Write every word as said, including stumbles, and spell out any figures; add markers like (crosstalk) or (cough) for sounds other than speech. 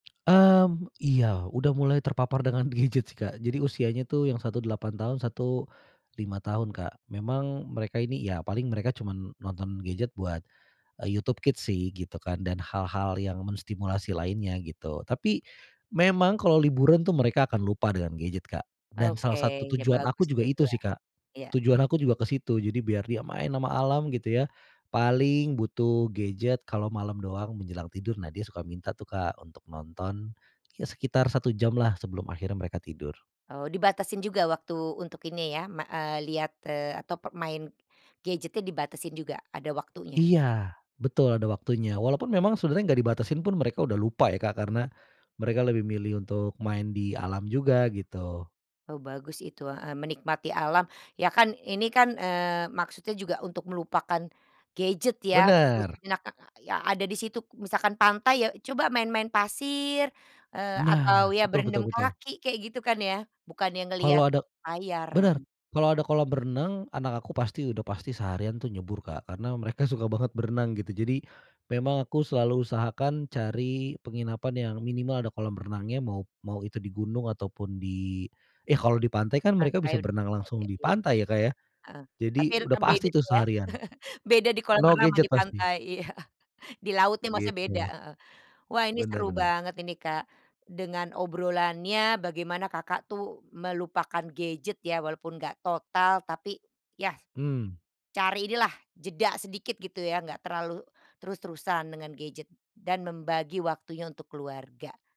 Mmm, iya. Udah mulai terpapar dengan gadget sih Kak, jadi usianya tuh yang satu delapan tahun, satu lima tahun Kak. Memang mereka ini ya paling mereka cuman nonton gadget buat, eee, YouTube Kids sih gitu kan dan hal-hal yang menstimulasi lainnya gitu. Tapi memang kalo liburan tuh mereka akan lupa dengan gadget Kak. Dan Oke, salah satu ya, tujuan aku bagus juga tuh itu ya. sih Kak. Iya. Tujuan aku juga ke situ, jadi biar dia main sama alam gitu ya, paling butuh gadget kalo malam doang menjelang tidur. Nah dia suka minta tuh Kak untuk nonton ya sekitar satu jam lah sebelum akhirnya mereka tidur. Oh, dibatasin juga waktu untuk ini ya me eee, lihat eee, atau pe main gadgetnya dibatasin juga? Ada waktunya? Iya, betul, ada waktunya. Walaupun memang sebenernya nggak dibatasin pun mereka udah lupa ya Kak karena, mereka lebih milih untuk main di alam juga gitu. Oh, bagus itu, heeh, menikmati alam. Ya kan ini kan, eee, maksudnya juga untuk melupakan gadget ya gitu Bener. sejenak, ka ya ada di situ misalkan pantai ya coba main-main pasir, eee, atau Nah. ya Betul berendam betul betul. kaki kayak gitu kan ya, bukannya ngelihat Kalo ada layar, bener. heeh. Kalo ada kolam renang, anak aku pasti udah pasti seharian tuh nyebur Kak karena mereka suka banget berenang gitu. Jadi memang aku selalu usahakan cari penginapan yang minimal ada kolam renangnya mau mau itu di gunung ataupun di yah kalau di pantai kan mereka Pantai bisa udah, berenang langsung oke. di pantai ya, Kak, ya, Heeh, jadi tapi le udah kan pasti beda tuh ya, seharian. (chuckles) beda di kolam No renang sama gadget di pasti. pantai, iya. Di laut nih maksudnya beda, Gitu. heeh. Wah ini Bener seru bener. banget ini Kak, dengan obrolannya, bagaimana Kakak tuh melupakan gadget ya, walaupun nggak total tapi ya, Mmm. cari inilah jeda sedikit gitu ya enggak terlalu terus-terusan dengan gadget dan membagi waktunya untuk keluarga.